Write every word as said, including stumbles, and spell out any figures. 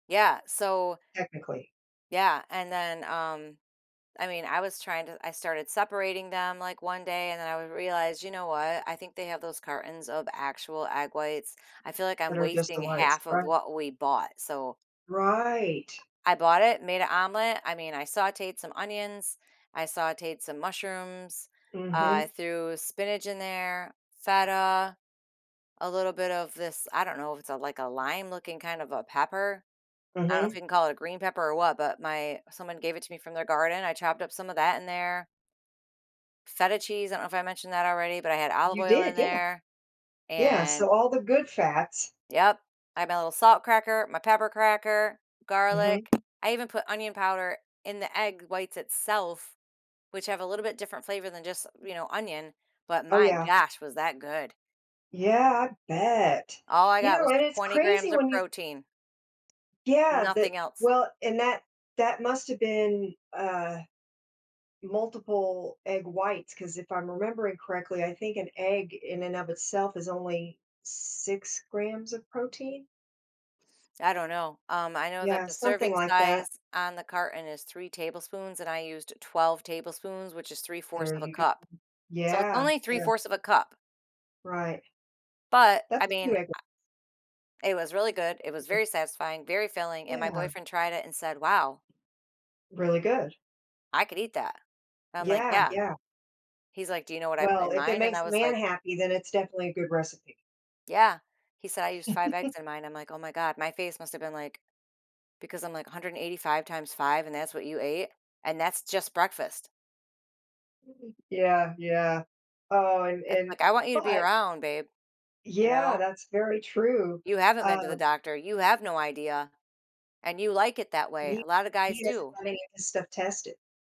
Yeah. So Technically. Yeah, and then, um I mean, I was trying to I started separating them, like, one day and then would I realize, "You know what? I think they have those cartons of actual egg whites." I feel like I'm That are just wasting the a whites. half of Right. what we bought. So Right. I bought it, made an omelet. I mean, I sautéed some onions, I sautéed some mushrooms, uh, I Mhm. threw spinach in there, feta, a little bit of this I don't know if it's a like a lime-looking kind of a pepper. I don't if Mhm. you can call it a green pepper or what, but my someone gave it to me from their garden. I chopped up some of that in there feta cheese, I don't know if I mentioned that already, but I had olive You oil in did. Yeah. there, Yeah. and So, all the good fats Yep, I have my little salt cracker my pepper cracker, Mhm. garlic, I even put onion powder in the egg whites itself, which have a little bit different flavor than just, you know, onion. But, Oh, my yeah. gosh, was that good. Yeah, I bet. All I You got was know, and it's twenty grams crazy of when you protein. Yeah, that Nothing else. Well, and that that must've been, uh, multiple egg whites, 'cause if I'm remembering correctly, I think an egg in and of itself is only six grams of protein. I don't know. Um, I know that Yeah, the something serving like that. size on the carton is three tablespoons, and I used twelve tablespoons, which is three fourths There of a you go cup. So, it's Yeah. only three Yeah. fourths of a cup. Right. But, I That's a mean, few I egg w it was really good, it was [unintelligible] very satisfying, very filling, and my Yeah. boyfriend tried it and said, "Wow" Really good. "I could eat that." I'm like, Yeah. "Yeah." Yeah. He's like, "Do you know what I put Well, in if it mine?" And I makes a was man like happy, then it's definitely a good recipe. Yeah. He said, "I used five eggs in mine." I'm like, "Oh, my god." My face must've been like because I'm like, "a hundred and eighty five times five and that's what you ate?" And that's just breakfast. Yeah, yeah. Oh, and Uh and like, "I want you to be but around, babe." You Yeah, know? that's very true, You haven't been to the uh doctor, you have no idea, and you like it that way. We A lotta guys He doesn't do. have any of his stuff tested.